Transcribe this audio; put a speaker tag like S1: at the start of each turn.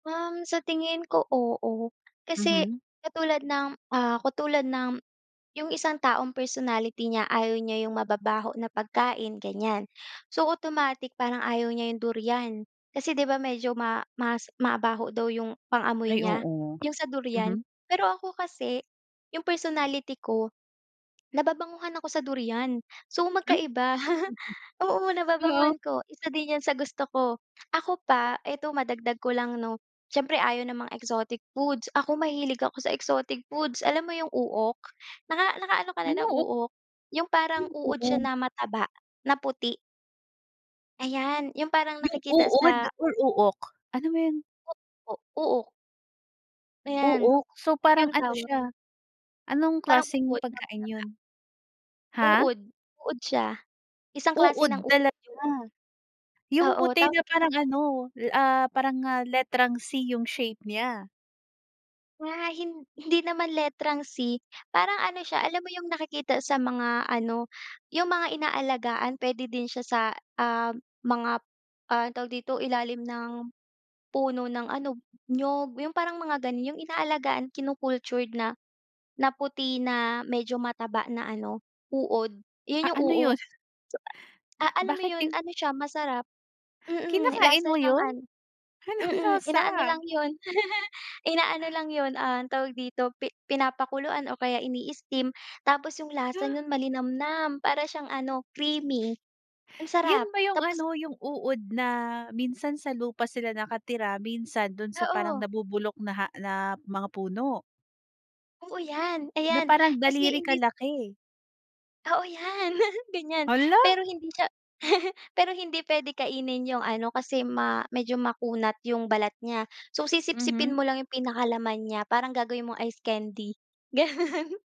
S1: Um, sa tingin ko, oo. Kasi
S2: Mhm.
S1: katulad ng, ah, katulad ng yung isang taong personality niya ayaw niya yung mababaho na pagkain, ganiyan. So, automatic parang ayaw niya yung durian, kasi di ba medyo ma mas mabaho daw yung pang-amoy
S2: Ay
S1: niya,
S2: oo,
S1: yung sa durian.
S2: mhm.
S1: Pero ako kasi, yung personality ko nababanguhan ako sa durian, so,
S2: Hmm?
S1: magkaiba, oo,
S2: Oo.
S1: nababanguhan ako. Isa din yan sa gusto ko. Ako pa, eto madagdag ko lang 'no siyempre ayaw ng mga exotic foods, ako mahilig ako sa exotic foods, alam mo yung uok? Naka nakaano ka na
S2: Ano
S1: ng
S2: ok
S1: uok yung
S2: Ano
S1: parang
S2: yung
S1: uod siya
S2: uong?
S1: na mataba na puti. Ayan yung parang
S2: Yung
S1: nakikita
S2: uod
S1: sa
S2: or uok? Ano ba yun?
S1: Opo, uok. Ayan,
S2: Uok. So,
S1: yung
S2: parang ano
S1: tawag.
S2: siya, anong
S1: Parang
S2: klaseng
S1: uod na
S2: pagkain
S1: mataba.
S2: yun? Ha?
S1: Uod, uod siya, isang klase
S2: Uod
S1: ng uod yun.
S2: talaga, yung
S1: Oo,
S2: puti na
S1: tawag lang
S2: parang
S1: sa kaniya.
S2: ano, ah, parang nga letrang C yung shape nya.
S1: Nga hin hindi naman letrang C, parang ano siya, alam mo yung nakikita sa mga ano, yung mga inaalagaan. Puwede din siya sa, ah, mga, ah, anong tawag dito, ilalim ng puno ng ano, niyog, yung parang mga ganun, yung inaalagaan, kinu-cultured na na puti na medyo mataba na ano, uod,
S2: Ah,
S1: yun yung
S2: ano yun?
S1: uok. Ah, alam mo
S2: Bakit
S1: yun,
S2: yun
S1: ano siya, masarap, mm,
S2: Kinakain
S1: lasa
S2: mo
S1: siyang
S2: yun?
S1: ano,
S2: Anong
S1: mm, inaano
S2: lasa?
S1: lang yun, inaano lang yun, ah, tawag dito, pi pinapakuluan o kaya ini-steam tapos yung lasa
S2: Ha?
S1: nun malinamnam para siyang ano, creamy, ang sarap
S2: Yun ba yung
S1: tapos
S2: ano, yung uod na minsan sa lupa sila nakatira, minsan dun sa parang
S1: Oo.
S2: nabubulok na ha na mga puno?
S1: Oo yan,
S2: Na
S1: ayan,
S2: parang
S1: kasi
S2: daliri
S1: hindi
S2: kalaki?
S1: Oo, yan, ganiyan.
S2: Hala!
S1: Pero hindi siya pero hindi pwede kainin yung ano, kasi ma medyo makunat yung balat niya. So, sisipsipin
S2: Mhm.
S1: mo lang yung pinakalaman niya, parang gagawin mong ice candy, gano'n.